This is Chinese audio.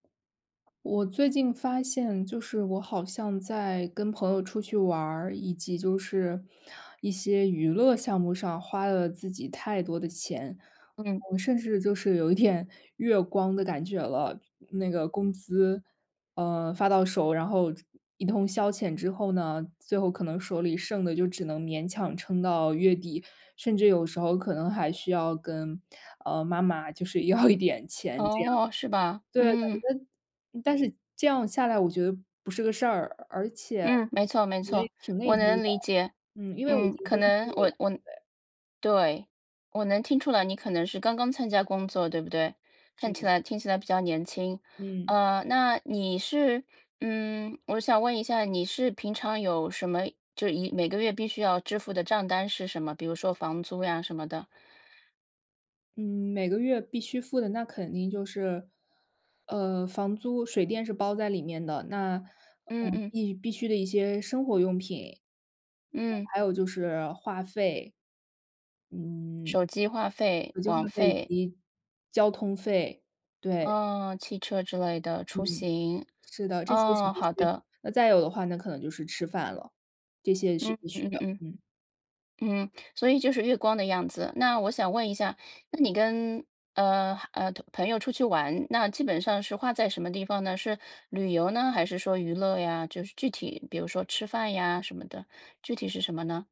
我最近发现，就是我好像在跟朋友出去玩儿，以及就是一些娱乐项目上花了自己太多的钱。嗯。我甚至就是有一点月光的感觉了。那个工资，呃，发到手，然后一通消遣之后呢，最后可能手里剩的就只能勉强撑到月底，甚至有时候可能还需要跟，呃，妈妈就是要一点钱这样。哦，是吧，对，嗯。感觉但是这样下来我觉得不是个事儿，而且嗯，没错，没错，也挺我内疚的，能理解。嗯，因为我已嗯，经可工作能，了，我我对。对，我能听出来你可能是刚刚参加工作，对不对？是看起的。来听起来比较年轻。嗯。啊，那你是嗯，我想问一下，你是平常有什么，就一每个月必须要支付的账单是什么？比如说房租呀，什么的。嗯，每个月必须付的，那肯定就是，呃，房租，水电是包在里面的，那，嗯呃，嗯。必必须的一些生活用品。嗯。还有就是话费，嗯，手机、话费、手机话网费以费。及交通费，对。哦，汽车之类的出嗯，行。是的，这些是哦，必好须。的。那再有的话，那可能就是吃饭了，这些也是嗯必须嗯的，嗯。嗯。嗯，所以就是月光的样子。那我想问一下，那你跟，呃，呃，同朋友出去玩，那基本上是花在什么地方呢？是旅游呢，还是说娱乐呀？就是具体，比如说吃饭呀，什么的，具体是什么呢？